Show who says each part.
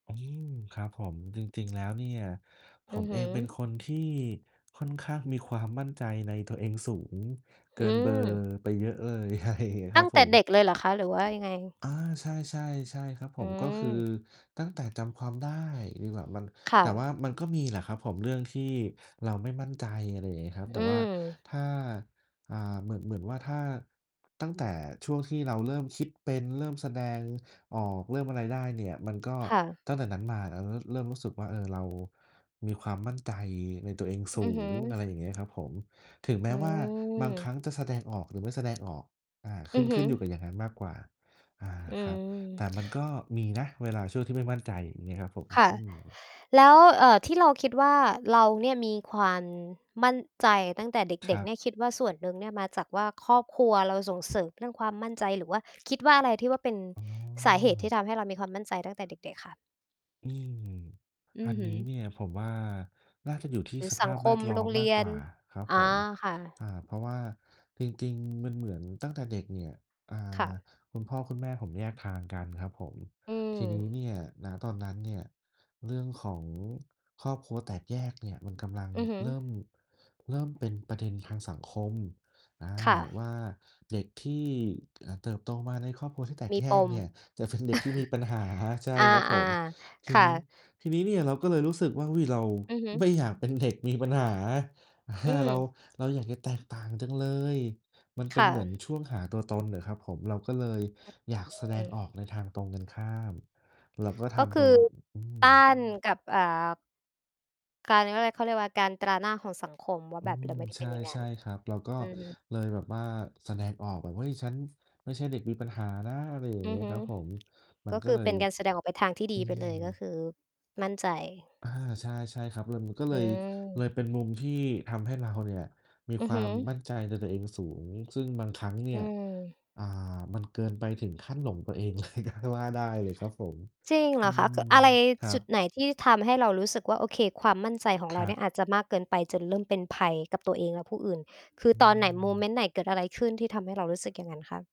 Speaker 1: อืม ครับผม จริง ๆ แล้วเนี่ย ผ
Speaker 2: อือ
Speaker 1: ม
Speaker 2: ฮ
Speaker 1: เอ
Speaker 2: ึ
Speaker 1: งเป็นคนที่ค่อนข้าง มีความมั่นใจ ในตัวเองสูงเก
Speaker 2: อ
Speaker 1: ิ
Speaker 2: ื
Speaker 1: นเบอร์
Speaker 2: ม
Speaker 1: ไปเยอะเลย ใช่ ค
Speaker 2: ต
Speaker 1: ร
Speaker 2: ั
Speaker 1: ั
Speaker 2: ้
Speaker 1: บ
Speaker 2: งแ
Speaker 1: ผ
Speaker 2: ต่เด
Speaker 1: ม
Speaker 2: ็กเลยเหรอคะ? หรือว่ายังไง?
Speaker 1: อา ใช่ ๆ ใช่ ครับผ
Speaker 2: อื
Speaker 1: ม ก็คือ
Speaker 2: อ
Speaker 1: ตั้งแต่จำความได้ดีกว่า มัน
Speaker 2: ค
Speaker 1: แ
Speaker 2: ่
Speaker 1: ต่ว
Speaker 2: ะ
Speaker 1: ่ามันก็มีแหละครับผม เรื่องที่เราไม่มั่นใจ อะไรอย่างเงี้ยครับ แต
Speaker 2: อ
Speaker 1: ่
Speaker 2: ื
Speaker 1: ว่า
Speaker 2: ม
Speaker 1: ถ้า อ่า เหมือน เหมือนว่า ถ้าตั้งแต่ช่วงที่เราเริ่มคิดเป็น เริ่มแสดงออก เริ่มอะไรได้เนี่ย มันก็
Speaker 2: ค่ะ
Speaker 1: ตั้งแต่นั้นมา ร เริ่มรู้สึกว่า เอ่อ เรามีความมั่นใจในตัวเองสู
Speaker 2: อือฮึ
Speaker 1: ง อะไรอย่างเงี้ยครับผม ถึงแม
Speaker 2: อื
Speaker 1: ้ว่าบางครั
Speaker 2: ม
Speaker 1: ้งจะแสดงออก หรือไม่แสดงออก อ่า ข
Speaker 2: อื
Speaker 1: ึ้น
Speaker 2: อฮ
Speaker 1: ข
Speaker 2: ึ
Speaker 1: ึ้นอยู่กับอย่างงั้นมากกว่า อา
Speaker 2: อื
Speaker 1: ครับ แต
Speaker 2: ม
Speaker 1: ่มันก็มีนะเวลาช่วงที่ไม่มั่นใจ อย่างงี้ครับผม
Speaker 2: ค่ะ
Speaker 1: อืม
Speaker 2: แล้ว เอ่อ ที่เราคิดว่าเราเนี่ยมีความมั่นใจตั้งแต่เ
Speaker 1: ค
Speaker 2: ด็
Speaker 1: ร
Speaker 2: ก
Speaker 1: ั
Speaker 2: ๆ เนี
Speaker 1: บ
Speaker 2: ่ย คิดว่าส่วนหนึ่งเนี่ยมาจากว่า ครอบครัวเราส่งเสริมเรื่องความมั่นใจ หรือว่า คิดว่าอะไรที่ว่าเป็น
Speaker 1: อ๋
Speaker 2: สาเหตุที
Speaker 1: อ
Speaker 2: ่ทำให้เรามีความมั่นใจตั้งแต่เด็ก ๆ คะ?
Speaker 1: อืม
Speaker 2: อื
Speaker 1: อั
Speaker 2: อ
Speaker 1: น
Speaker 2: ฮึ
Speaker 1: นี้เนี่ยผมว่าน่าจะอยู่ที่
Speaker 2: หรื
Speaker 1: ส
Speaker 2: อ
Speaker 1: ภ
Speaker 2: สัง
Speaker 1: าพ
Speaker 2: ค
Speaker 1: แว
Speaker 2: ม
Speaker 1: ดล้
Speaker 2: โ
Speaker 1: อ
Speaker 2: ร
Speaker 1: ม
Speaker 2: งเ
Speaker 1: ม
Speaker 2: ร
Speaker 1: า
Speaker 2: ี
Speaker 1: ก
Speaker 2: ย
Speaker 1: กว
Speaker 2: น
Speaker 1: ่าครับ
Speaker 2: อ
Speaker 1: ผ
Speaker 2: า
Speaker 1: ม
Speaker 2: ค่
Speaker 1: อ
Speaker 2: ะ
Speaker 1: ่า เพราะว่าจริง ๆ มันเหมือนตั้งแต่เด็กเนี่ย อ่
Speaker 2: ค่
Speaker 1: า
Speaker 2: ะ
Speaker 1: คุณพ่อคุณแม่ผมแยกทางกันครับผม
Speaker 2: อื
Speaker 1: ทีนี้
Speaker 2: ม
Speaker 1: เนี่ย ณ ตอนนั้นเนี่ย เรื่องของครอบครัวแตกแยกเนี่ย มันกำลัง
Speaker 2: อือฮึ
Speaker 1: เริ่ม เริ่มเป็นประเด็นทางสังคม อ่า
Speaker 2: ค่ะ
Speaker 1: ว่าเด็กที่ อ่า เติบโตมาในครอบครัวที่แตก
Speaker 2: มี
Speaker 1: แย
Speaker 2: ป
Speaker 1: ก
Speaker 2: ม
Speaker 1: เนี่ย จะเป็นเด็กที่มีปัญหา ใช่ครับผ
Speaker 2: อา
Speaker 1: ม ท
Speaker 2: ๆ ค
Speaker 1: ี
Speaker 2: ่
Speaker 1: นี้
Speaker 2: ะ
Speaker 1: ทีนี้เนี่ยเราก็เลยรู้สึกว่า อุ๊ย เรา
Speaker 2: อือฮึ
Speaker 1: ไม่อยากเป็นเด็กมีปัญหา อ่า
Speaker 2: อื
Speaker 1: เรา
Speaker 2: ม
Speaker 1: เราอยากจะแตกต่างจังเลย มันเป
Speaker 2: ค
Speaker 1: ็น
Speaker 2: ่
Speaker 1: เหมือน
Speaker 2: ะ
Speaker 1: ช่วงหาตัวตนน่ะครับผม เราก็เลย
Speaker 2: อ
Speaker 1: อยากแสด
Speaker 2: ื
Speaker 1: งอ
Speaker 2: ม
Speaker 1: อกในทางตรงกันข้าม เราก็ท
Speaker 2: ก็ค
Speaker 1: ำต
Speaker 2: ื
Speaker 1: รง
Speaker 2: อ
Speaker 1: ก อื
Speaker 2: ต้า
Speaker 1: ม
Speaker 2: นกับ อ่า การ เรียกว่าไร เขาเรียกว่า การตราหน้าของสังคม ว่า
Speaker 1: อื
Speaker 2: แบบ เร
Speaker 1: ม
Speaker 2: าไม่ได้
Speaker 1: ใ
Speaker 2: เป็นอย่างงั
Speaker 1: ช
Speaker 2: ้น
Speaker 1: ่ ๆ ครับ เราก็
Speaker 2: อือ
Speaker 1: เลยแบบว่าแสดงออกแบบ เฮ้ย ฉันไม่ใช่เด็กมีปัญหานะ อะไรอย่า
Speaker 2: อ
Speaker 1: งเ
Speaker 2: ื
Speaker 1: งี
Speaker 2: อ
Speaker 1: ้ย
Speaker 2: ฮึ
Speaker 1: ครับผม มั
Speaker 2: ก
Speaker 1: น
Speaker 2: ็
Speaker 1: ก
Speaker 2: ค
Speaker 1: ็
Speaker 2: ือ
Speaker 1: เล
Speaker 2: เป
Speaker 1: ย
Speaker 2: ็นการแสดงออกไปทางที่ด
Speaker 1: อื
Speaker 2: ีไป
Speaker 1: ม
Speaker 2: เลย ก็คือมั่นใจ
Speaker 1: อา ใช่ ๆ ครับ เลย มันก็เ
Speaker 2: อ
Speaker 1: ลย เล
Speaker 2: ืม
Speaker 1: ยเป็นมุมที่ทำให้เราเนี่ย มี
Speaker 2: อื
Speaker 1: ค
Speaker 2: อ
Speaker 1: วา
Speaker 2: ฮึ
Speaker 1: มมั่นใจในตัวเองสูง ซึ่งบางครั้งเนี่
Speaker 2: อื
Speaker 1: ย
Speaker 2: ม
Speaker 1: อ่า มันเกินไปถึงขั้นหลงตัวเอง เลย ก็ว่าได้เลยครับผม
Speaker 2: จริง
Speaker 1: อ
Speaker 2: เห
Speaker 1: ื
Speaker 2: รอคะ?
Speaker 1: ม
Speaker 2: ก อะไร?
Speaker 1: ครั
Speaker 2: จุ
Speaker 1: บ
Speaker 2: ดไหน? ที่ทำให้เรารู้สึกว่า โอเค ความมั่นใจของ
Speaker 1: ค
Speaker 2: เรา
Speaker 1: รั
Speaker 2: เนี่ย
Speaker 1: บ
Speaker 2: อาจจะมากเกินไปจนเริ่มเป็นภัยกับตัวเองและผู้อื่น คือ
Speaker 1: อื
Speaker 2: ตอนไหน? โมเม
Speaker 1: ม
Speaker 2: นต์ไหน? เกิดอะไรขึ้นที่ทำให้เรารู้สึกอย่างงั้นคะ?